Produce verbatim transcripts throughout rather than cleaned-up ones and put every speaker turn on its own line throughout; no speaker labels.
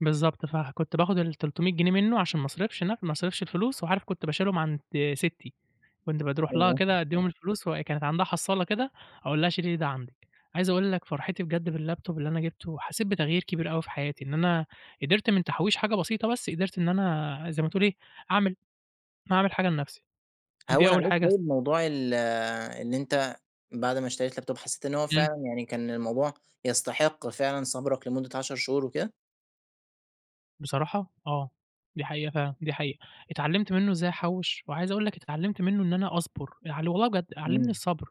بالضبط ف كنت باخذ التلتمية جنيه منه عشان ما أصرفش لأ، ما أصرفش الفلوس، وعارف كنت باشيلهم عند ستي كنت بد اروح لها
أيوه.
كده أديهم الفلوس وكانت عندها حصالة كده أقول لها شيلي لي ده عندِك، عايز أقول لك فرحتي بجد بالLaptop اللي أنا جبته حسيت بتغيير كبير أوي في حياتي، إن أنا قدرت من تحويش حاجة بسيطة بس قدرت إن أنا زي ما تقول إيه، أعمل أعمل حاجة لنفسي، دي
هون
أول
عليك
حاجة اس
طيب موضوع ال إن أنت بعد ما اشتريت Laptop حسيت إن هو
امم.
فعلًا يعني كان الموضوع يستحق فعلًا صبرك لمدة عشر شهور وكده؟
بصراحة آه، دي حقيقة فعلًا، دي حقيقة، اتعلمت منه إزاي أحوش وعايز أقول لك اتعلمت منه إن أنا أصبر، يعني والله بجد علمني
امم.
الصبر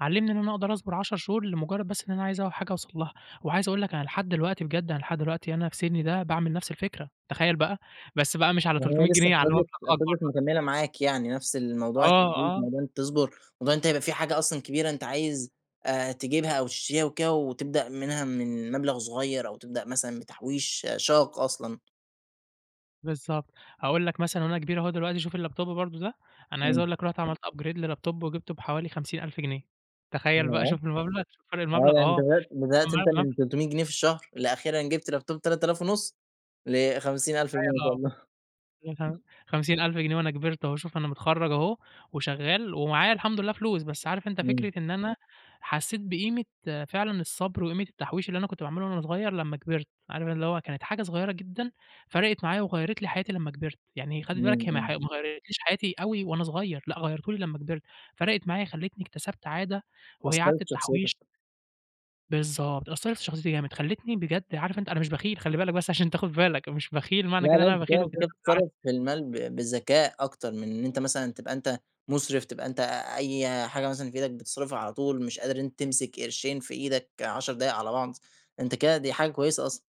علمني إن أنا أقدر أصبر عشر شهور لمجرد بس إن أنا عايز أول حاجة أوصل لها، وعايز أقول لك أنا لحد دلوقتي بجد أنا لحد دلوقتي أنا في سني ده باعمل نفس الفكرة تخيل بقى، بس بقى مش على
يعني هي
تلتمية
لسه
جنيه على مبلغ
فضلِت
أكبر
فضلِت
بقى.
مكملة معاك يعني نفس الموضوع
آه،
التحويش،
آه.
موضوع إن أنت تصبر، موضوع إن أنت يبقى فيه حاجة أصلًا كبيرة أنت عايز آآ، تجيبها أو تشتريها وكده وتبدأ منها من مبلغ صغير أو تبدأ مثلًا بتحويش شاق أصلًا؟
بالضبط أقول لك مثلًا أنا كبير أهو دلوقتي شوف الLaptop برضو ده أنا عايز
امم.
أقول لك رُحت عملت Upgrade للLaptop وجبته بحوالي خمسين ألف جنيه تخيل بقى
ياه!
شوف المبلغ! فرق
آه،
المبلغ
يعني أنت
آه
بدأت بدأت أنت من
[unintelligible]
تلتمية جنيه في الشهر لأخيرًا جبت Laptop بتلات آلاف ونص لخمسين ألف جنيه ما
تخيل
شاء
آه،
الله.
أيوه فعلًا خمسين ألف جنيه وأنا كبرت أهو شوف أنا متخرج أهو وشغال ومعايا الحمد لله فلوس، بس عارف أنت
امم.
فكرة إن أنا حسيت بقيمة فعلًا الصبر وقيمة التحويش، اللي أنا كنت باعمله وأنا صغير لما كبِرت عارف اللي هو كانت حاجة صغيرة جدًا فرقت معايا وغيّرِت لي حياتي لما كبرت، يعني خلِّ
امم،
بالك هي ما ح ما
امم.
غيرتليش حياتي أوي وأنا صغير لأ غيرتهُ لي لما كبرت فرقت معايا خلتني اكتسبت عادة وهي
أثرت
عادة
في شخصيتك.
التحويش. بالضبط، أثرت في شخصيتي جامد، خلتني بجد عارف أنت، أنا مش بخيل خلِّ بالك، بس عشان تاخد بالك مش بخيل معنى
لا،
كده إن
لأ،
أنا
أنت
بخيل
كده أنت
وكده،
كده
لا العكس.
بتتَصرف في المال ب بالذكاء أكتر من إن أنت مثلًا تبقى أنت مُصرف، تبقى أنت أي حاجة مثلًا في إيدك بتصرفها على طول مش قادر إن أنت تمسك قرشين في إيدك عشر دقايق على بعض أنت كده دي حاجة كويسة أصلًا.